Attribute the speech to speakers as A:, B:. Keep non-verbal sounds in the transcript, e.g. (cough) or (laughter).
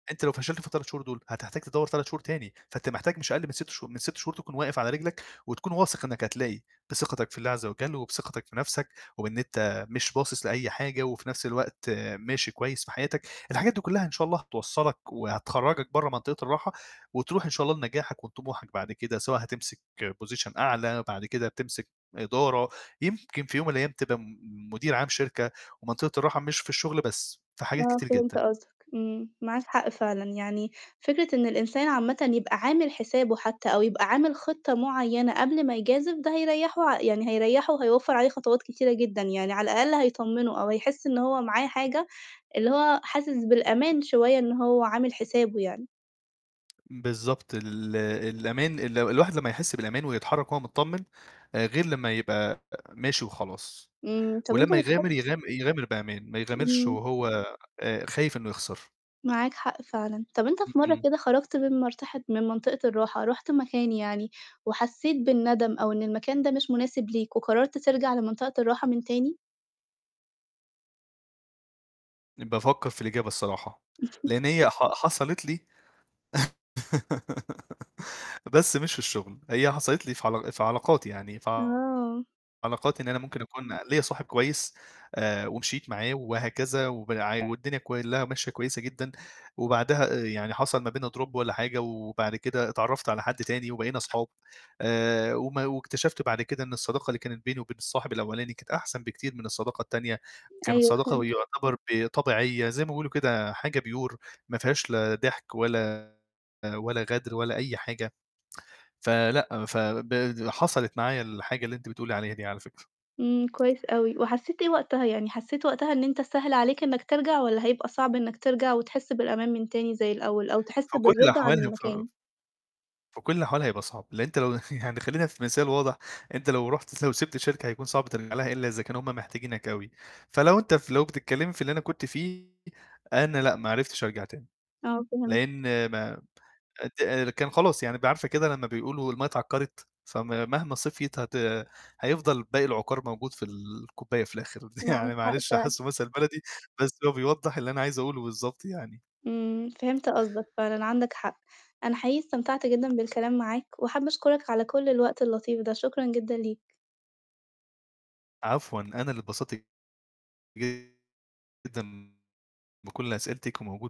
A: أنت لو فشلت في ال3 شهور دُول هتحتاج تدوّر 3 شهور تاني، فأنت محتاج مش أقل من 6 شهو من 6 شهور تكون واقف على رجلك وتكون واثق إنك هتلاقي بثقتك في الله عز وجل وبثقتك في نَفْسك، وبإن أنت مش باصص لأي حاجة وفي نَفْس الوقت ماشي كويس في حياتك، الحاجات دي كُلّها إن شاء الله هتوصّلك، وهتخرّجك برّه منطقة الراحة، وتروح إن شاء الله لنجاحك وطموحك بعد كده، سواء هتمسك position أعلى، بعد كده تمسك إدارة، يمكن في يوم من الأيام تبقى م مدير عام شركة، ومنطقة الراحة مش في الشغل بس في حاجات
B: آه،
A: كتير
B: فهمت
A: جدًا.
B: قصدك، إمم، معاك حق فعلًا، يعني فكرة إن الإنسان عامةً يبقى عامل حسابه حتّى أو يبقى عامل خطة معيّنة قبل ما يجازف ده هيريّحه ع يعني هيريّحه وهيوفّر عليه خطوات كتيرة جدًا يعني على الأقل هيطمّنه، أو هيحس إن هو معاه حاجة اللي هو حاسس بالأمان شوية إن هو عامل حسابه يعني.
A: بالضبط، ال الأمان، ال الواحد لمّا يحس بالأمان ويتحرّك وهو متطمن، غير لمّا يبقى ماشي وخلاص،
B: إمم طَب أنت
A: ولمّا
B: بتح
A: يغامِر يغام يغامر بأمان، ما يغامرش
B: إمم.
A: وهو آآ، خايف إنه يخسر.
B: معاك حق فعلًا، طَب أنت
A: إمم،
B: في مَرّة
A: إمم.
B: كده خرجت من منطقة من منطقة الراحة رُحت مكان يعني، وحسّيت بالندم أو إن المكان ده مش مناسب ليك وقررت ترجع لمنطقة الراحة من تاني؟
A: بافكّر في الإجابة الصراحة،
B: (chuckles)
A: لإن هي ح حصلِت لي (laughs) بس مش في الشغل، هي حصلِت لي في عل في علاقاتي يعني في
B: آه.
A: علاقاتي إن أنا ممكن أكون ليّا صاحب كويس، آآ، ومشيت معاه وهكذا وبع والدنيا كُلّها ماشية كويسة جدًا، وبعدها يعني حصل ما بيننا drop والّا حاجة، وبعد كده اتعرّفت على حد تاني وبقينا أصحاب آآ، وما واكتشفت بعد كده إن الصداقة اللي كانت بيني وبين الصاحب الأولاني كانت أحسن بكتير من الصداقة التانية، كانت
B: أيوه،
A: صداقة
B: فهمتك.
A: ويعتبر ب طبيعية زي ما بيقولوا كده حاجة pure ما فيهاش لا ضحك ولا، ولا غدر ولا أي حاجة، فلأ ف ب حصلِت معايا الحاجة اللي أنتِ بتقُولِي عليها دي على فكرة.
B: إمم، كويس أوي، وحسّيت إيه وقتها؟ يعني حسّيت وقتها إن أنت سهل عليك إنك ترجع والّا هيبقى صعب إنك ترجع وتحس بالأمان من تاني زي الأول؟ أو تحس
A: في كلّ
B: بالرضا عن
A: الأحوال ف
B: المكان؟
A: في كل الاحوالّ هيبقى صعب، لإن أنت (chuckles) يعني خلّينا في مثال واضح، أنت لو رُحت لو سِبت الشركة هيكون صعب ترجع لها إلّا إذا كانوا هُم محتاجينك أوي، فلو أنت فلو بتتكلّمي في اللي أنا كنت فيه، أنا لأ ما عرفتش أرجع تاني،
B: آه، فهمتك.
A: لإن ما ت كان خلاص يعني ب عارفة كده لمّا بيقولوا المَيّه ااتعكّرت فم مهما صفْيت هت هييفضل باقي العُقَار موجود في ال الكوباية في الآخر، (chuckles)
B: معاك
A: يعني
B: حق
A: معلش
B: فعلًا.
A: حاسّة مثلً بلدي بس هو بيوضّح اللي أنا عايز أقوله بالضبط يعني.
B: إمم، فهمت قصدك فعلًا عندك حق، أنا حقيقي استمتعت جدًا بالكلام معاك، وحابة أشكرك على كلّ الوقت اللطيف ده شكرًا جدًا ليك.
A: عفوًا، أنا اللي اتبسط جدًا بكلّ أسئلتِك وموجود